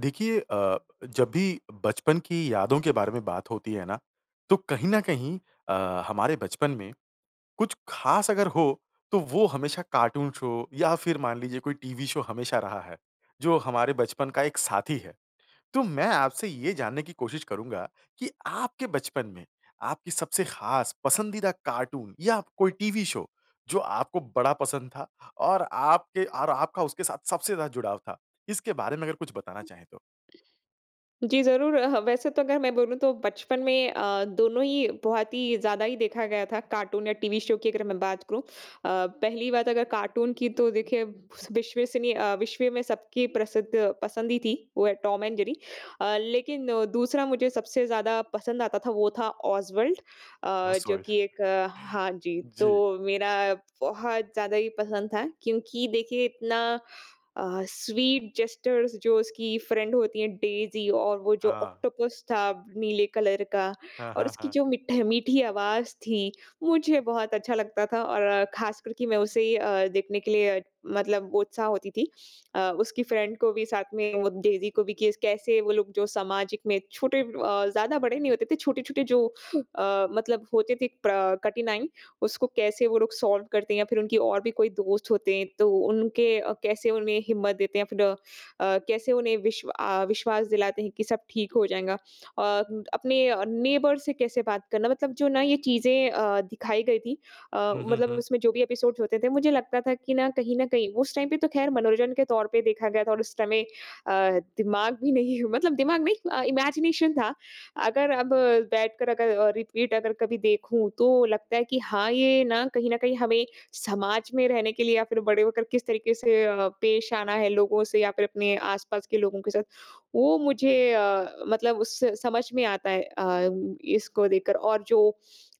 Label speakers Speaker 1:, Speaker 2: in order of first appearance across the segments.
Speaker 1: देखिए अ, जब भी बचपन की यादों के बारे में बात होती है ना, तो कहीं न कहीं अ, हमारे बचपन में कुछ खास अगर हो, तो वो हमेशा कार्टून शो या फिर मान लीजिए कोई टीवी शो हमेशा रहा है, जो हमारे बचपन का एक साथी है। तो मैं आपसे ये जानने की कोशिश करूँगा कि आपके बचपन में आपकी सबसे खास पसंदीदा कार्टून या कोई टीवी शो, जो आपको बड़ा पसंद था, और आपके और आपका उसके साथ सबसे ज़्यादा जुड़ाव था, इसके बारे में अगर कुछ बताना चाहें तो?
Speaker 2: जी, ज़रूर अ, ह वैसे तो अगर मैं बोलूँ तो बचपन में अ, दोनों ही बहुत ही ज़्यादा ही देखा गया था कार्टून या टीवी शो की अगर मैं बात करूँ। अ, पहली बात अगर कार्टून की तो देखिए विश्वसनीय अ, विश्व में सब की प्रसिद्ध पसंद ही थी, वो है टॉम एंड जेरी। अ, लेकिन दूसरा मुझे सबसे ज़्यादा पसंद आता था, वो था ओसवाल्ड। अ, जो
Speaker 1: ओसवाल्ड।
Speaker 2: कि एक हाँ जी,
Speaker 1: जी।
Speaker 2: तो मेरा बहुत ज़्यादा ही पसंद था क्योंकि देखिए इतना अ, स्वीट जेस्चर्स जो उसकी फ्रेंड होती है डेज़ी और वो जो
Speaker 1: हाँ।
Speaker 2: ऑक्टोपस था नीले कलर का,
Speaker 1: हाँ,
Speaker 2: और
Speaker 1: हाँ,
Speaker 2: उसकी
Speaker 1: हाँ।
Speaker 2: जो मीठे मीठी आवाज़ थी, मुझे बहुत अच्छा लगता था। और ख़ासकर कि मैं उसे अ, देखने के लिए मतलब वो उत्साह होती थी। अ, उसकी फ्रेंड को भी साथ में वो डेज़ी को भी कि कैसे वो लोग जो सामाजिक में छोटे अ, ज़्यादा बड़े नहीं होते थे। छोटे-छोटे जो अ, मतलब होते थे प्रा कठिनाई उसको कैसे वो लोग सॉल्व करते या फिर उनकी और भी कोई दोस्त होते हैं, तो उनके अ, कैसे उन्हें हिम्मत देते हैं या फिर अ, कैसे उन्हें विश्व अ, विश्वास दिलाते हैं कि सब ठीक हो जाएगा। और अपने अ, नेबर्स से कैसे बात करना मतलब जो ना, ये चीज़ें अ, दिखाई गई थी अ,
Speaker 1: हुँ, हुँ,
Speaker 2: मतलब
Speaker 1: हुँ।
Speaker 2: उसमें जो भी एपिसोड्स होते थे, मुझे लगता था कि ना, कहीं न कहीं उस टाइम पे तो खैर मनोरंजन के तौर पे देखा गया था और उस समय अ, दिमाग भी नहीं मतलब दिमाग नहीं अ, इमेजिनेशन था। अगर अब बैठ कर अगर अ, रिपीट अगर कभी देखूँ, तो लगता है कि हाँ, ये ना कहीं न कहीं हमें समाज में रहने के लिए या फिर बड़े होकर किस तरीके से अ, पेश आना है लोगों से या फिर अपने आस-पास के लोगों के साथ वो मुझे अ, मतलब उससे समझ में आता है अ, इसको देख कर। और जो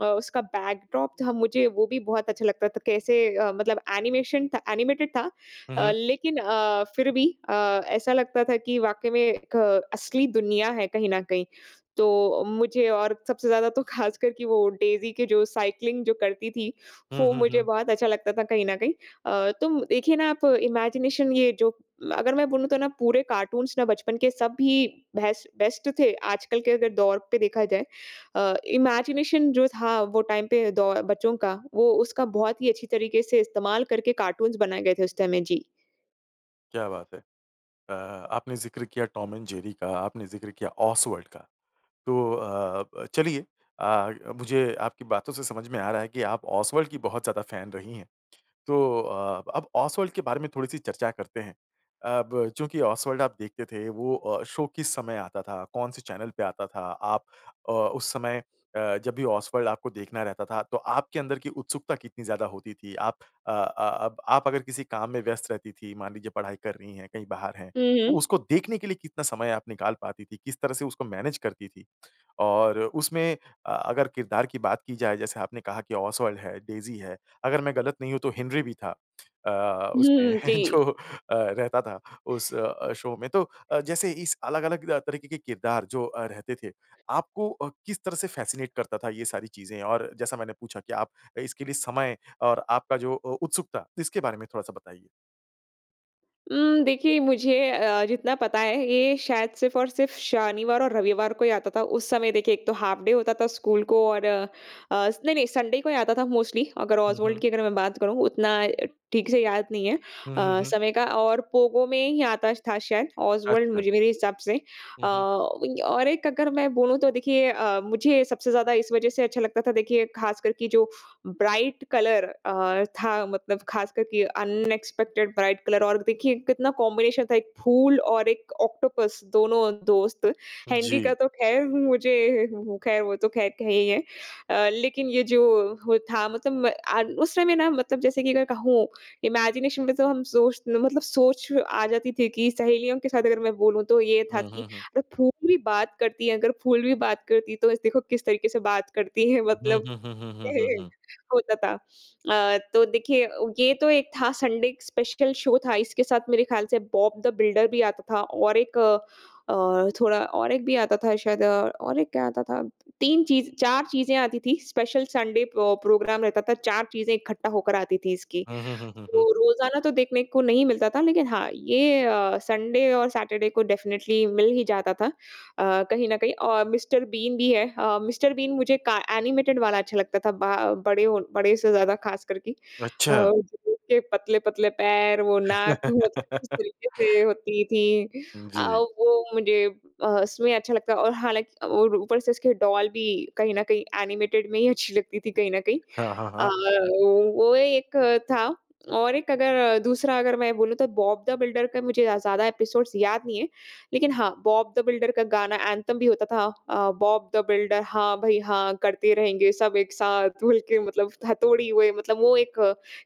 Speaker 2: अ, उसका बैकड्रॉप था, मुझे वो भी बहुत अच्छा लगता था। कैसे अ, मतलब एनीमेशन था एनीमेटेड था
Speaker 1: हुँ,
Speaker 2: अ,
Speaker 1: हुँ।
Speaker 2: लेकिन अ, फिर भी अ, ऐसा लगता था कि वाक़ई में एक असली दुनिया है कहीं न कहीं। तो मुझे और सबसे ज़्यादा तो ख़ासकर कि वो डेज़ी के जो साइक्लिंग जो करती थी,
Speaker 1: हुँ,
Speaker 2: वो
Speaker 1: हुँ,
Speaker 2: मुझे
Speaker 1: हुँ।
Speaker 2: बहुत अच्छा लगता था कहीं न कहीं। अ, तो देखिए ना आप इमेजिनेशन ये जो अगर मैं बोलूँ तो ना, पूरे कार्टून्स ना बचपन के सब ही बेस्ट बेस्ट थे, आजकल के अगर दौर पे देखा जाए। अ, इमेजिनेशन जो था, वो टाइम पे दौ बच्चों का, वो उसका बहुत ही अच्छी तरीके से इस्तेमाल करके कार्टून्स बनाए गए थे उस टाइम में। जी।
Speaker 1: क्या बात है! अ, आपने ज़िक्र किया टॉम एंड जेरी का, आपने ज़िक्र किया ओसवाल्ड का। तो अ, ब चलिए आ मुझे आपकी बातों से समझ में आ रहा है कि आप ओसवाल्ड की बहुत ज़्यादा फैन रही हैं। तो अ, अब ओसवाल्ड के बारे में थोड़ी-सी चर्चा करते हैं। अब चूँकि ओसवाल्ड आप देखते थे, वो अ, शो किस समय आता था? कौन से चैनल पे आता था? आप अ, उस समय अ, जब भी ओसवाल्ड आपको देखना रहता था, तो आपके अंदर की उत्सुकता कितनी ज़्यादा होती थी? आप अ, अ, अब आप अगर किसी काम में व्यस्थ रहती थीं, मान लीजिए पढ़ाई कर रही हैं, कहीं बाहर हैं,
Speaker 2: हुँ,
Speaker 1: तो
Speaker 2: हुँ।
Speaker 1: उसको देखने के लिए कितना समय आप निकाल पाती थीं? किस तरह से उसको मैनेज करती थीं? और उसमें अ, अगर किरदार की बात की जाए जैसे आपने कहा कि ओसवाल्ड है, डेज़ी है। अगर मैं गलत नहीं हूँ तो हेनरी भी था अ, अ
Speaker 2: हुँ, हुँ,
Speaker 1: उसमें
Speaker 2: हुँ, जी।
Speaker 1: जो अ, रहता था उस अ, शो में तो अ, जैसे इस अलग-अलग रा तरीके के किरदार जो अ, रहते थे। आपको अ, किस तरह से फ़ैसिनेट करता था ये सारी चीज़ें और जैसा मैंने पूछा कि आप इसके लिए समय और आपका जो अ, उत्सुकता, इसके बारे में थोड़ा-सा बताइए।
Speaker 2: उम, देखिए मुझे अ, जितना पता है, ये शायद सिर्फ़ और सिर्फ़ शनिवार और रविवार को ही आता था। उस समय देखिए एक तो हाफ़ डे होता था स्कूल को और अस नहीं, नहीं, संडे को ही आता था मोस्टली, अगर
Speaker 1: हुँ,
Speaker 2: ऑसवाल्ड
Speaker 1: हुँ।
Speaker 2: की अगर मैं बात करूँ। उतना अ, ठीक से याद नहीं है
Speaker 1: हुँ, हुँ,
Speaker 2: अ,
Speaker 1: हुँ।
Speaker 2: समय का और पोगो में ही आता था शायद ऑस्वल्ड
Speaker 1: अच्छा।
Speaker 2: मुझे मेरे हिसाब से अ,
Speaker 1: हुँ, हुँ।
Speaker 2: और एक अगर मैं बोलूँ तो देखिए अ, मुझे सबसे ज़्यादा इस वजह से अच्छा लगता था, देखिए, खासकर कि जो ब्राइट कलर अ, था मतलब खासकर कि अनएक्सपेक्टेड ब्राइट कलर और देखिए, कितना कॉम्बिनेशन था एक फूल और एक ऑक्टोपस, दोनों दोस्त। हेनरी का
Speaker 1: जी।
Speaker 2: तो ख़ैर मुझे ख़ैर वो तो ख़ैर एक है ही है। अ, लेकिन ये जो हो था मतलब म आ उस समय ना मतलब जैसे कि अगर कहूँ, इमेजिनेशन में तो हम सोच मतलब सोच आ जाती थी कि सहेलियों के साथ अगर मैं बोलूँ, तो ये था
Speaker 1: हुँ,
Speaker 2: कि
Speaker 1: हुँ, हुँ।
Speaker 2: अगर फूल भी बात करती हैं अगर फूल भी बात करती तो इस देखो, किस तरीके से बात करती हैं
Speaker 1: हुँ,
Speaker 2: मतलब
Speaker 1: हुँ, हुँ, हुँ, हुँ, हुँ, हुँ।
Speaker 2: होता था। अ, तो देखिए अ, ये तो एक था संडे स्पेशल शो था। इसके साथ मेरे ख्याल से बॉब द बिल्डर भी आता था और एक अ, थोड़ा और एक भी आता था शायद अ, और एक क्या आता था? 3 चीज़ 4 चीज़ें आती थीं। स्पेशल संडे प प्रोग्राम रहता था। 4 चीज़ें इकट्ठा होकर आती थीं इसकी।
Speaker 1: हुँ, हुँ, हुँ, हुँ, हुँ।
Speaker 2: तो रोज़ाना तो देखने को नहीं मिलता था लेकिन हाँ, ये अ, संडे और सैटरडे को डेफ़िनिट्ली मिल ही जाता था अ, कहीं न कहीं और मिस्टर बीन भी है अ, मिस्टर बीन मुझे का एनिमेटेड वाला अच्छा लगता था बा अ, बड़े ओ बड़े से ज़्यादा, खासकर कि अ,
Speaker 1: अच्छा।
Speaker 2: [unintelligible] के पतले-पतले पैर, वो नाक [unintelligible] किस तरीके से होती थी। अ,
Speaker 1: जी।
Speaker 2: वो मुझे अ, उसमें अच्छा लगता है और हालाँकि और ऊपर से उसके डॉल भी कहीं न कहीं एनिमेटेड में ही अच्छी लगती थी कहीं न कहीं।
Speaker 1: हाँ, हाँ,
Speaker 2: अ,
Speaker 1: हाँ।
Speaker 2: वो एक था और एक अगर दूसरा अगर मैं बोलूँ तो बॉब दा बिल्डर का मुझे या ज़्यादा एपिसोड्स याद नहीं हैं। लेकिन हाँ, बॉब दा बिल्डर का गाना एंथम भी होता था। अ, बॉब दा बिल्डर, हाँ, भई, हाँ करते रहेंगे सब एक साथ मिल के मतलब हा तोडी हुए मतलब वो एक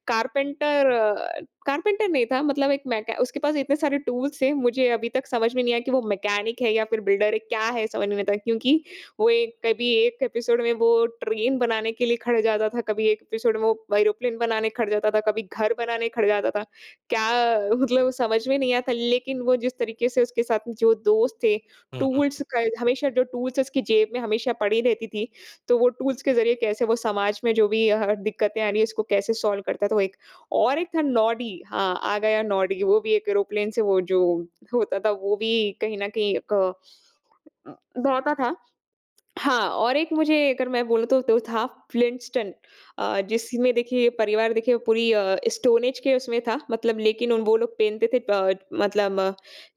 Speaker 2: कारपेंटर अ, कारपेंटर नहीं था मतलब एक मैके उसके पास इतने सारे टूल्स थे। मुझे अभी तक समझ में नहीं आया कि वो मैकेनिक है या फिर बिल्डर है, क्या है, समझ में नहीं आता क्योंकि वो एक कभी 1 एपिसोड में वो ट्रेन बनाने के लिए खड़े हो जाता था। कभी 1 एपिसोड में वो एरोप्लेन बनाने खड़े हो जाता था, कभी घर बनाने खड़े हो जाता था। क्या मतलब समझ में नहीं आता, लेकिन वो जिस तरीके से उसके साथ जो दोस्त थे,
Speaker 1: हुँ, हुँ,
Speaker 2: टूल्स
Speaker 1: हुँ।
Speaker 2: क हमेशा जो टूल्स उसकी जेब में हमेशा पड़ी रहती थी। तो वो टूल्स के ज़रिये कैसे वो समाज में जो भी अह दिक्कतें आ रही हैं, उसको कैसे टूल्स करता था, वो एक और एक था नॉडी, हाँ, आ गया नॉडी। वो भी एक एरोप्लेन से वो जो होता था, वो भी कहीं न कहीं क अ, दौड़ता था। हाँ, और एक मुझे अगर मैं बोलूँ तो, तो था फ्लिंटस्टन अ, जिसमें देखिए परिवार देखिए पूरी अ, स्टोन एज के उसमें था मतलब लेकिन उन वो लोग पहनते थे टड मतलब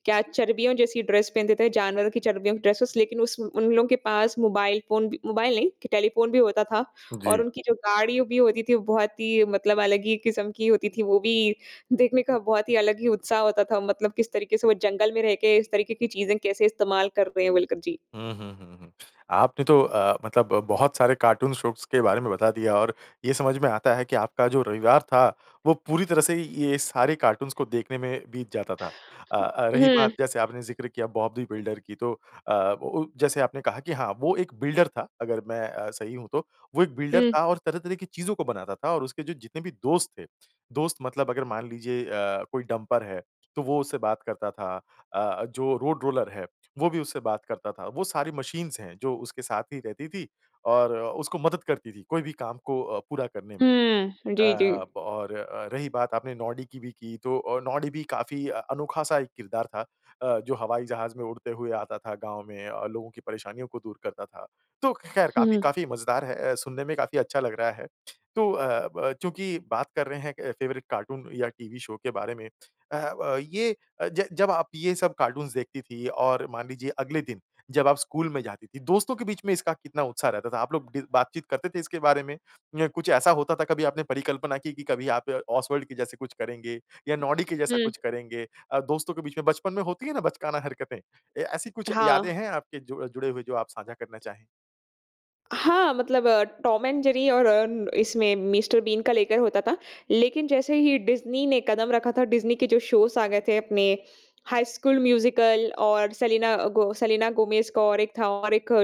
Speaker 2: क्या चर्बियों जैसी ड्रेस पहनते थे, जानवरों की चर्बियों की ड्रेसेज़। लेकिन उस उन लोगों के पास मोबाइल फ़ोन भी मोबाइल नहीं, कि टेलीफ़ोन भी होता था और
Speaker 1: जी।
Speaker 2: उनकी जो गाड़ियों भी होती थी, वो बहुत ही मतलब अलग ही किस्म की होती थी। वो भी देखने का बहुत ही अलग ही उत्साह होता था मतलब किस तरीके से वो जंगल में रह के इस तरीके की चीज़ें कैसे इस्तेमाल कर रहे हैं बोलकर जी।
Speaker 1: हुँ, हुँ, हुँ, हुँ। आपने तो अ, मतलब ब बहुत सारे कार्टून शोज़ के बारे में बता दिया और ये समझ में आता है कि आपका जो रविवार था, वो पूरी तरह से ये सारे कार्टून्स को देखने में बीत जाता था। अ, अ, रही
Speaker 2: हुँ।
Speaker 1: बात जैसे आपने ज़िक्र किया बॉब दी बिल्डर की, तो अ, ओ ओ जैसे आपने कहा कि हाँ, वो एक बिल्डर था अगर मैं अ, सही हूँ तो। वो एक बिल्डर
Speaker 2: हुँ।
Speaker 1: था और तरह-तरह की चीज़ों को बनाता था और उसके जो जितने भी दोस्त थे, दोस्त मतलब अगर मान लीजिए अ, कोई डम्पर है, तो वो उससे बात करता था। अ, जो रोड रोलर है, वो भी उससे बात करता था। वो सारी मशीन्स हैं जो उसके साथ ही रहती थी और अ, उसको मदद करती थी। कोई भी काम को अ, पूरा करने में।
Speaker 2: हुँ,
Speaker 1: अ,
Speaker 2: जी, जी।
Speaker 1: और अ, रही बात आपने नॉडी की भी की तो अ, नॉडी भी काफ़ी अ, अनोखा-सा एक किरदार था अ, जो हवाई जहाज़ में उड़ते हुए आता था गाँव में, लोगों की परेशानियों को दूर करता था। तो ख़ैर काफ़ी,
Speaker 2: हुँ।
Speaker 1: काफ़ी मज़ेदार है अ, सुनने में काफ़ी अच्छा लग रहा है। तो अ, ब अ, चूँकि बात कर रहे हैं एक फ़ेवरेट कार्टून या टीवी शो के बारे में अह, अ, ये अ, ज जब आप ये सब कार्टून्स देखती थीं और मान लीजिए अगले दिन जब आप स्कूल में जाती थीं, दोस्तों के बीच में इसका कितना उत्साह रहता था? आप लोग डि बातचीत करते थे इसके बारे में या कुछ ऐसा होता था कभी आपने परिकल्पना की कि कभी आप ऑस्वाल्ड के जैसे कुछ करेंगे या नॉडी के जैसा
Speaker 2: हुँ।
Speaker 1: कुछ करेंगे? अ, दोस्तों के बीच में बचपन में होती है ना बचकाना हरकतें? ए ऐसी कुछ यादें
Speaker 2: हाँ।
Speaker 1: हैं आपके जो अ, जुड़े हुए जो आप साझा करना चाहें?
Speaker 2: हाँ मतलब अ, टॉम एंड जेरी और अ, इसमें मिस्टर बीन का लेकर होता था। लेकिन जैसे ही डिज्नी ने कदम रखा था डिज्नी के जो शोज़ आ गए थे अपने हाई स्कूल म्यूज़िकल और सेलिना गो सेलिना गोमेज़ का और एक था और एक कोडी अ,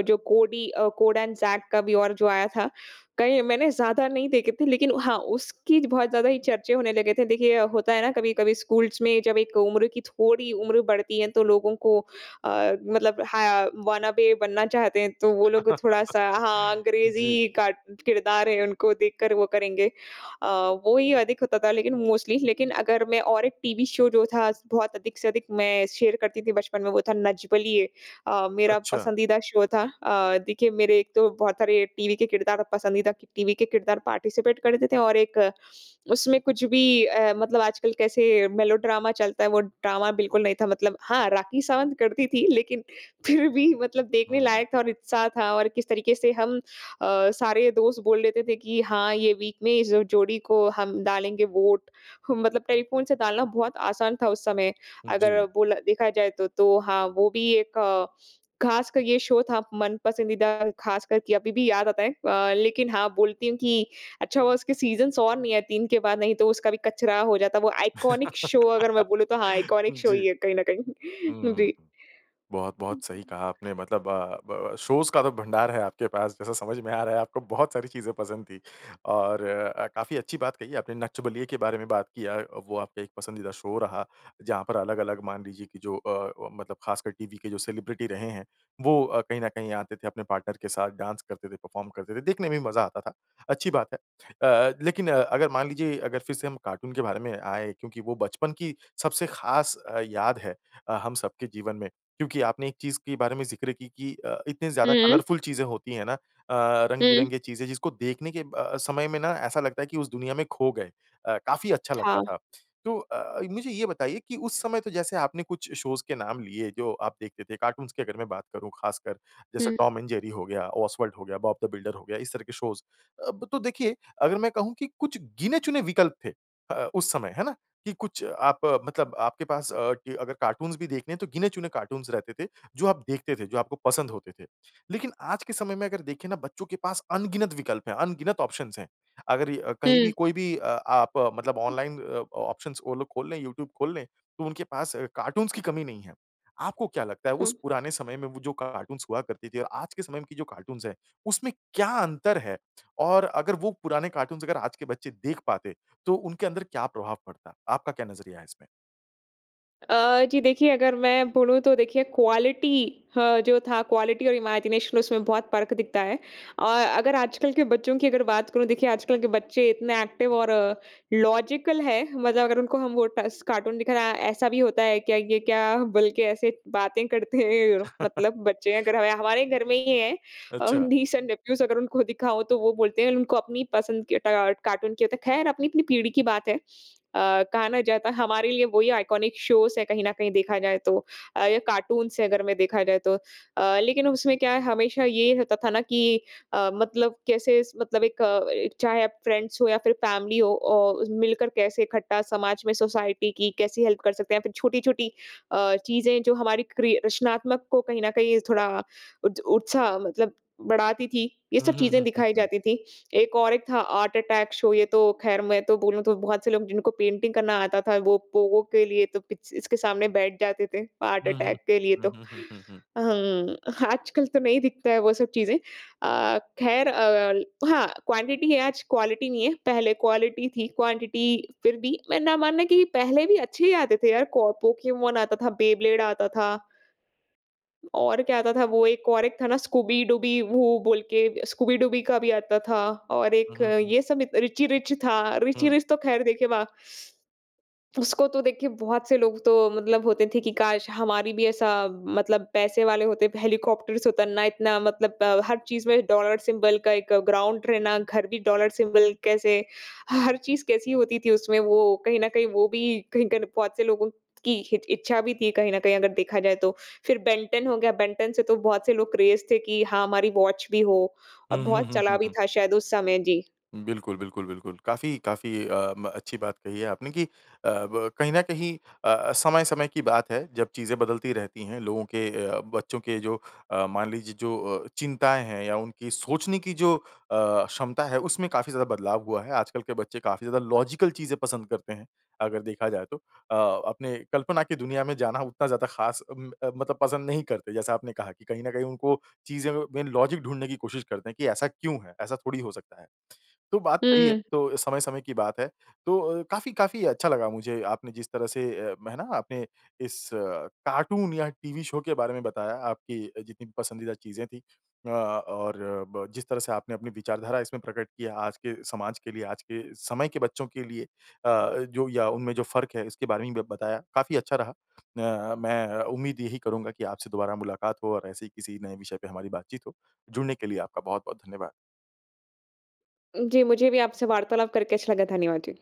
Speaker 2: जो कोड एंड ज़ैक का भी और जो आया था। कहीं मैंने ज़्यादा नहीं देखें थे लेकिन हाँ, उसकी बहुत ज़्यादा ही चर्चे होने लगे थे। देखिए होता है ना कभी-कभी स्कूल्स में जब एक उम्र की थोड़ी उम्र बढ़ती है तो लोगों को अ, मतलब हा वॉनाबी बनना चाहते हैं तो वो लोग थोड़ा-सा हाँ,
Speaker 1: जी।
Speaker 2: अंग्रेज़ी कार्ट किरदार है उनको देखकर वो करेंगे। अ, वो ही अधिक होता था लेकिन मोस्टली लेकिन अगर मैं और एक टीवी शो जो था स बहुत अधिक से अधिक मैं शेयर करती थी बचपन में वो था नच बलिए। अ, मेरा
Speaker 1: अच्छा।
Speaker 2: पसंदीदा शो था। अ, देखिए मेरे एक तो बहुत सारे टीवी के किरदार और पसंदीदा टीवी के किरदार पार्टिसिपेट करते थे और एक उसमें कुछ भी अ, मतलब आजकल कैसे मेलोड्रामा चलता है वो ड्रामा बिल्कुल नहीं था। मतलब हाँ, राखी सावंत करती थी लेकिन फ़िर भी मतलब
Speaker 1: हुँ,
Speaker 2: देखने
Speaker 1: हुँ।
Speaker 2: लायक था और उत्साह था और किस तरीके से हम अ, सारे दोस्त बोल लेते थे कि हाँ ये वीक में इस जोड़ी को हम डालेंगे वोट। ह मतलब टेलीफ़ोन से डालना बहुत आसान था उस समय अगर
Speaker 1: जी।
Speaker 2: बोला देखा जाए तो। तो हाँ, वो भी एक ख़ासक ये शो था मनपसंदीदा ख़ास कर के अभी भी याद आता है। अ, लेकिन हाँ बोलती हूँ कि अच्छा हुआ उसके सीज़न्स और नहीं है 3 के बाद नहीं तो उसका भी कचरा हो जाता। वो आइकॉनिक शो अगर मैं बोलूँ तो हाँ आइकॉनिक शो ही
Speaker 1: जी।
Speaker 2: है कहीं न कहीं।
Speaker 1: हुँ।
Speaker 2: जी।
Speaker 1: बहुत-बहुत सही कहा आपने। मतलब अ, ब अ, शोज़ का तो भंडार है आपके पास जैसा समझ में आ रहा है। आपको बहुत सारी चीज़ें पसंद थी। और अ, काफ़ी अच्छी बात कही आपने नच बलिए के बारे में बात किया। अ, वो आपका एक पसंदीदा शो रहा जहाँ पर अलग-अलग मान लीजिए कि जो अ, अ, मतलब ख़ासकर टीवी के जो सेलिब्रिटी रहे हैं वो अ, कहीं न कहीं आते थे अपने पार्टनर के साथ डांस करते थे परफ़ॉर्म करते थे। देखने में भी मज़ा आता था। अच्छी बात है। अ, अ, लेकिन अ, अगर मान लीजिए अगर फ़िर से हम कार्टून के बारे में आए क्योंकि वो बचपन की सबसे ख़ास अ, याद है अ, हम सबके जीवन में। क्योंकि आपने एक चीज़ के बारे में ज़िक्र की कि अ, इतनी ज़्यादा
Speaker 2: हुँ।
Speaker 1: कलरफुल चीज़ें होती हैं ना अ,
Speaker 2: हुँ।
Speaker 1: रंग-बिरंगे चीज़ें जिसको देखने के अ अ, समय में ना ऐसा लगता है कि उस दुनिया में खो गए। अ, काफ़ी अच्छा लगता
Speaker 2: हाँ।
Speaker 1: था। तो अ, मुझे ये बताइए कि उस समय तो जैसे आपने कुछ शोज़ के नाम लिए जो आप देखते थे। कार्टून्स की अगर मैं बात करूँ ख़ासकर। जैसे
Speaker 2: हुँ।
Speaker 1: टॉम एंड जेरी हो गया, ओस्वाल्ड हो गया, बॉब द बिल्डर हो गया, इस तरह के शोज़। अब तो देखिए अगर मैं कहूँ कि कुछ गिने चुने विकल्प थे अ अ, उस समय, है ना? कि कुछ आप मतलब आपके पास अ, कि अगर कार्टून्स भी देखने हैं तो गिने चुने कार्टून्स रहते थे जो आप देखते थे, जो आपको पसंद होते थे। लेकिन आज के समय में अगर देखें ना बच्चों के पास अनगिनत विकल्प हैं, अनगिनत ऑप्शंस हैं। अगर अ, कहीं भी
Speaker 2: हुँ।
Speaker 1: कोई भी अ, आप मतलब ऑनलाइन अ, ऑप्शंस वो लोग खोल लें, यूट्यूब खोल लें, तो उनके पास कार्टून्स की कमी नहीं है। आपको क्या लगता है
Speaker 2: उ
Speaker 1: उस पुराने समय में वो जो कार्टून्स हुआ करती थी और आज के समय की जो कार्टून्स है उसमें क्या अंतर है? और अगर वो पुराने कार्टून्स अगर आज के बच्चे देख पाते तो उनके अंदर क्या प्रभाव पड़ता? आपका क्या नज़रिया है इसमें?
Speaker 2: अ, जी देखिए अगर मैं बोलूँ तो देखिए क्वालिटी ह जो था क्वालिटी और इमेजिनेशन उसमें बहुत फ़र्क दिखता है। अ, अगर आजकल के बच्चों की अगर बात करूँ, देखिए आजकल के बच्चे इतने एक्टिव और लॉजिकल हैं, मतलब अगर उनको हम वो टस कार्टून दिखाना, ऐसा भी होता है क्या? ये क्या? बोल के ऐसे बातें करते हैं। मतलब बच्चे अगर ह या हमारे घर में ही है। अ,
Speaker 1: अच्छा।
Speaker 2: नीस एंड नेफ्यूज़ अगर उनको दिखाओ तो वो बोलते हैं उनको अपनी पसंद के ट कार्टून की होता है। खैर अपनी अपनी पीढ़ी की बात है। अ, कहा ना जाता हमारे लिए वही आइकॉनिक शोज़ है कहीं न कहीं देखा जाए तो। अ, या कार्टून्स है अगर में देखा जाए तो। अ, लेकिन उसमें क्या है हमेशा ये होता था ना कि अ, मतलब कैसे स मतलब एक अ, चाहे आप फ्रेंड्स हो या फिर फैमिली हो औ मिलकर कैसे इकट्ठा समाज में सोसाइटी की कैसी हेल्प कर सकते हैं या फिर छोटी छोटी अ, चीज़ें जो हमारी क्री रचनात्मक को कहीं न कहीं थोड़ा उत उत्साह मतलब बढ़ाती थी। ये
Speaker 1: हुँ,
Speaker 2: सब
Speaker 1: हुँ,
Speaker 2: चीज़ें
Speaker 1: हुँ, हुँ,
Speaker 2: दिखाई
Speaker 1: हुँ।
Speaker 2: जाती थी। एक और एक था Art Attack Show ये तो खैर मैं तो बोलूँ तो बहुत से लोग जिनको पेंटिंग करना आता था वो Pogo के लिए तो पिच इसके सामने बैठ जाते थे। Art
Speaker 1: हुँ, हुँ।
Speaker 2: Attack के लिए
Speaker 1: हुँ,
Speaker 2: तो।
Speaker 1: हुँ, हुँ, हुँ, हुँ।
Speaker 2: अ, हुँ। आजकल तो नहीं दिखता है वो सब चीज़ें। अ, खैर अ, हाँ क्वांटिटी है आज क्वालिटी नहीं है। पहले क्वालिटी थी क्वांटिटी फिर भी मैं ना मानना कि पहले भी अच्छे ही आते थे यार। कौ Pokemon आता था, Beyblade आता था। और क्या आता था वो एक और एक था ना Scooby Dooby वो बोल के Scooby Dooby का भी आता था और
Speaker 1: हुँ,
Speaker 2: एक
Speaker 1: हुँ, हुँ।
Speaker 2: ये सब Richie Rich था। Richie
Speaker 1: हुँ।
Speaker 2: Rich तो खैर देखे वा उसको तो देखिए बहुत से लोग तो मतलब होते थे कि काश हमारी भी ऐसा मतलब पैसे वाले होते। हेलीकॉप्टर से उतरना, इतना मतलब हर चीज़ में डॉलर सिंबल का एक ग्राउंड रहना, घर भी डॉलर सिंबल कैसे ह हर चीज़ कैसी होती थी उसमें वो कहीं न कहीं वो भी [unintelligible] बहुत से लोगों की हित इच्छा भी थी कहीं न कहीं अगर देखा जाए तो। फिर Ben 10 हो गया, Ben 10 से तो बहुत से लोग क्रेज़ थे कि हाँ हमारी वॉच भी हो। और
Speaker 1: हुँ, हुँ,
Speaker 2: बहुत
Speaker 1: हुँ,
Speaker 2: चला
Speaker 1: हुँ,
Speaker 2: भी
Speaker 1: हुँ।
Speaker 2: था शायद उस समय। जी।
Speaker 1: बिल्कुल, बिल्कुल, बिल्कुल। काफ़ी काफ़ी अ, म अच्छी बात कही है आपने कि अ, ब कहीं न कहीं अ अ, समय-समय की बात है जब चीज़ें बदलती रहती हैं, लोगों के अ, बच्चों के जो अ, मान लीजिए जो अ, चिंताएँ हैं या उनकी सोचने की जो अ, क्षमता है उसमें काफ़ी ज़्यादा बदलाव हुआ है। आजकल के बच्चे काफ़ी ज़्यादा लॉजिकल चीज़ें पसंद करते हैं। अगर देखा जाए तो। अ, अपने कल्पना की दुनिया में जाना उतना ज़्यादा खास उम, अ, मतलब पसंद नहीं करते। जैसा आपने कहा कि कहीं न कहीं उनको चीज़ें में लॉजिक ढूँढने की कोशिश करते हैं की ऐसा क्यों है? ऐसा थोड़ी हो सकता है? तो बात सही है।
Speaker 2: हुँ।
Speaker 1: तो समय-समय की बात है। तो अ, काफ़ी काफ़ी अच्छा लगा मुझे आपने जिस तरह से अ, है ना? आपने इस कार्टून या टीवी शो के बारे में बताया, आपकी जितनी पसंदीदा चीज़ें थी। अ, और ब जिस तरह से आपने अपनी विचारधारा इसमें प्रकट किया आज के समाज के लिए, आज के समय के बच्चों के लिए, अ, जो या उनमें जो फ़र्क है इसके बारे में बताया। काफ़ी अच्छा रहा। अ, मैं उम्मीद यही करूँगा कि आपसे दोबारा मुलाकात हो और ऐसे ही किसी नए विषय पे हमारी बातचीत हो। जुड़ने के लिए आपका बहुत-बहुत धन्यवाद।
Speaker 2: जी मुझे भी आपसे वार्तालाप करके अच्छा लगा। धन्यवाद जी।